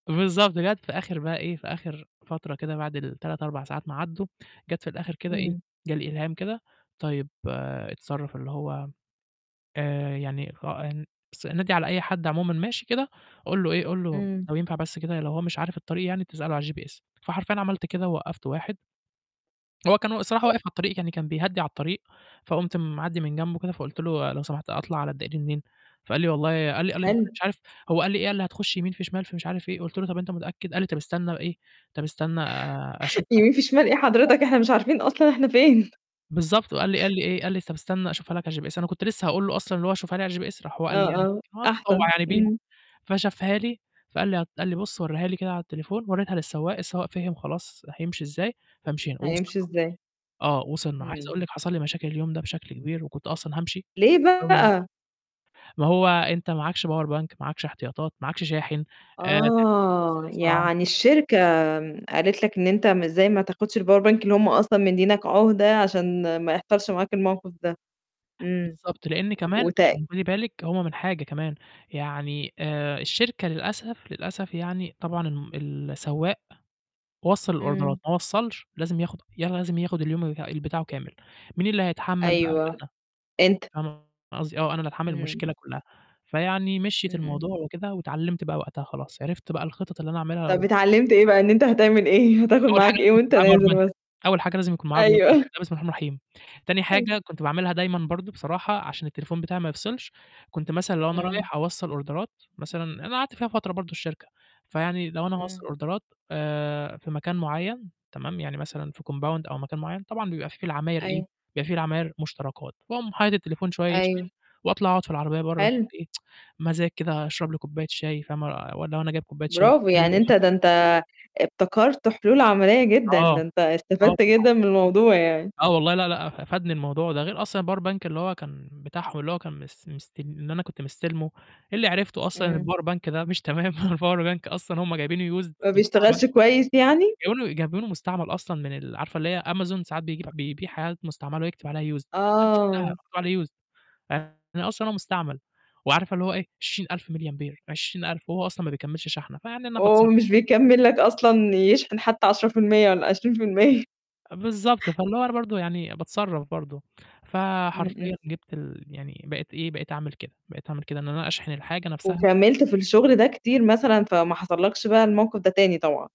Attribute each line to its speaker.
Speaker 1: بالضبط، جَت في آخر بقى إيه في آخر فترة كده بعد ال3 4 ساعات ما عدّوا، جَت في الآخر كده إيه،
Speaker 2: إمم.
Speaker 1: جَه الإلهام كده، طيب اتصرف، اللي هو آآ، يعني ف أن بس نادي على أي حد عمومًا ماشي كده، قُل له إيه، قُل له
Speaker 2: إمم.
Speaker 1: لو ينفع بس كده لو هو مش عارف الطريق يعني تسأله على الGPS فحرفيًا عملت كده، ووقّفت واحد هو كان والصراحة واقف على الطريق، يعني كان بيهدّي على الطريق، فقمت معدّي من جنبه كده، فقلت له: "لو سمحت أطلع على الدائري منين؟" فقال لي: "والله" قال لي قال لي
Speaker 2: حلو.
Speaker 1: مش عارف هو قال لي إيه، قال لي: "هتخش يمين في شمال، في مش عارف إيه" قلت له: "طَب أنت متأكد؟" قال لي: "طَب استنى إيه طَب استنى آآ، أشوفها على
Speaker 2: يمين في شمال ايه
Speaker 1: الGPS" [unintelligible]
Speaker 2: حضرتك! إحنا مش عارفين أصلًا إحنا فين؟
Speaker 1: بالضبط. وقال لي قال لي إيه، قال لي: "طب استنى أشوفها لك على الGPS" أنا كنت لسه هاقول له أصلًا اللي هو شُفها لي على الGPS راح هو
Speaker 2: آه،
Speaker 1: قال لي يعني
Speaker 2: آه، أحسن.
Speaker 1: [unintelligible] بيها
Speaker 2: إمم.
Speaker 1: فشافها لي فقال لي ه قال لي بُصّ وريها لي كده على التليفون، وريتها للسواق، السواق فِهِم خلاص، راح يمشي إزاي، فمشينا ووصلْنا
Speaker 2: هيمشي إزاي؟
Speaker 1: آه، وصلْنا، عايز
Speaker 2: إمم.
Speaker 1: أقول لِك حصل لي مشاكل اليوم ده بشكل كبير وكنت أصلًا هامشي
Speaker 2: ليه
Speaker 1: بسبب ال
Speaker 2: بقى؟
Speaker 1: ما هو أنت معاكش power bank معاكش احتياطات، معاكش شاحن، آآ، تليفونك بيفْصِل
Speaker 2: آه،
Speaker 1: بسرعة.
Speaker 2: يعني الشركة قالت لك إن أنت ما إزاي ما تاخدش الpower bank اللي هُم أصلًا مدّيّينك عُهدة، عشان ما يحصلش معاك الموقف ده. إمم،
Speaker 1: بالضبط، لإن كمان
Speaker 2: وت
Speaker 1: [unintelligible] خدي بالك هو من حاجة كمان، يعني آآ، الشركة للأسف، للأسف يعني طبعًا ام ال السواق وصّل الأوردرات
Speaker 2: إمم.
Speaker 1: ما وصّلش لازم ياخد لازم ياخد اليوم ال بتاعه كامل. مين اللي هيتحمّل بقى؟
Speaker 2: أيوه،
Speaker 1: أنا،
Speaker 2: أنت
Speaker 1: فاهمة قصدي آه، أنا اللي هاتحمّل
Speaker 2: إمم.
Speaker 1: المشكلة كلّها، فيعني مشيِت
Speaker 2: إمم، إمم.
Speaker 1: الموضوع وكده، واتعلّمت بقى وقتها خلاص، عرفت بقى الخِطَط اللي أنا أعملها
Speaker 2: طَب
Speaker 1: لو
Speaker 2: اتعلّمت إيه بقى، إن أنت هتعمل إيه، هتاخد
Speaker 1: أول حاجة
Speaker 2: معاك إيه
Speaker 1: لازم يكون
Speaker 2: وأنت
Speaker 1: معايا power
Speaker 2: نازل
Speaker 1: bank
Speaker 2: مثلًا؟
Speaker 1: أول حاجة لازم يكون معايا power bank،
Speaker 2: أيوه.
Speaker 1: ده بسم الله الرحمن الرحيم، تاني
Speaker 2: أيوه.
Speaker 1: حاجة كنت باعملها دايمًا برضه بصراحة، عشان التليفون بتاعي ما يفْصِلش، كنت مثلًا لو أنا
Speaker 2: إمم.
Speaker 1: رايح أوصّل أوردرات مثلًا أنا قعدت فيها فترة برضه الشركة، فيعني لو أنا هاوصّل
Speaker 2: إمم.
Speaker 1: أوردرات آآ، في مكان معيّن، تمام، يعني مثلًا في كومباوند أو مكان معيّن، طبعًا بيبقى فيه في العماير إيه،
Speaker 2: أيوه.
Speaker 1: بيبقى فيه في العماير مُشتركات، باقوم حاطط التليفون شوية يشحن،
Speaker 2: أيوه.
Speaker 1: وأطلع أقعد في العربية برّه
Speaker 2: حلو.
Speaker 1: إيه مزاج كده أشرب لي كوباية شاي فاهمة، وأن لو أنا جايب كوباية شاي
Speaker 2: برافو، يعني أنت
Speaker 1: [unintelligible]
Speaker 2: ده أنت ابتكرت حلول عملية جدًا،
Speaker 1: آه،
Speaker 2: ده أنت
Speaker 1: آه
Speaker 2: استفدت
Speaker 1: طبعًا.
Speaker 2: جدًا من الموضوع يعني.
Speaker 1: آه والله، لأ، لأ أ فادني الموضوع ده. غير أصلًا الpower bank اللي هو كان بتاعهم، اللي هو كان مس مست اللي أنا كنت مستلمه، اللي عرفته أصلًا إن
Speaker 2: إمم.
Speaker 1: الpower bank ده مش تمام، الpower bank أصلًا هُم جايبينه used
Speaker 2: ما
Speaker 1: مستعمل،
Speaker 2: بيشتغلش كويس يعني؟
Speaker 1: جايبينه جايبينه مستعمل أصلًا من ال عارفة اللي هي Amazon ساعات بيج بيبيع حاجات مستعملة، ويكتب عليها used دي أنا شُفتها
Speaker 2: آه.
Speaker 1: مكتوب عليه used يعني أصلًا هو مستعمل. وعارفة اللي هو إيه 20000 ميللي أمبير 20000 وهو أصلًا ما بيكمّلش شحنة. فيعني أنا
Speaker 2: وهو
Speaker 1: باتصرّف.
Speaker 2: مش بيكمّل لك أصلًا يشحن حتى 10% والَّا 20%
Speaker 1: بالضبط. فاللي هو أنا برضه يعني باتصرّف برضه.
Speaker 2: إمم، إمم.
Speaker 1: فحرفيًا جِبت ال يعني بقيت إيه، بقيت أعمل كده بقيت أعمل كده، إن أنا أشحن الحاجة نفسها
Speaker 2: وكمّلت في الشغل ده كتير مثلًا فما حصلكش بقى الموقف ده تاني طبعًا؟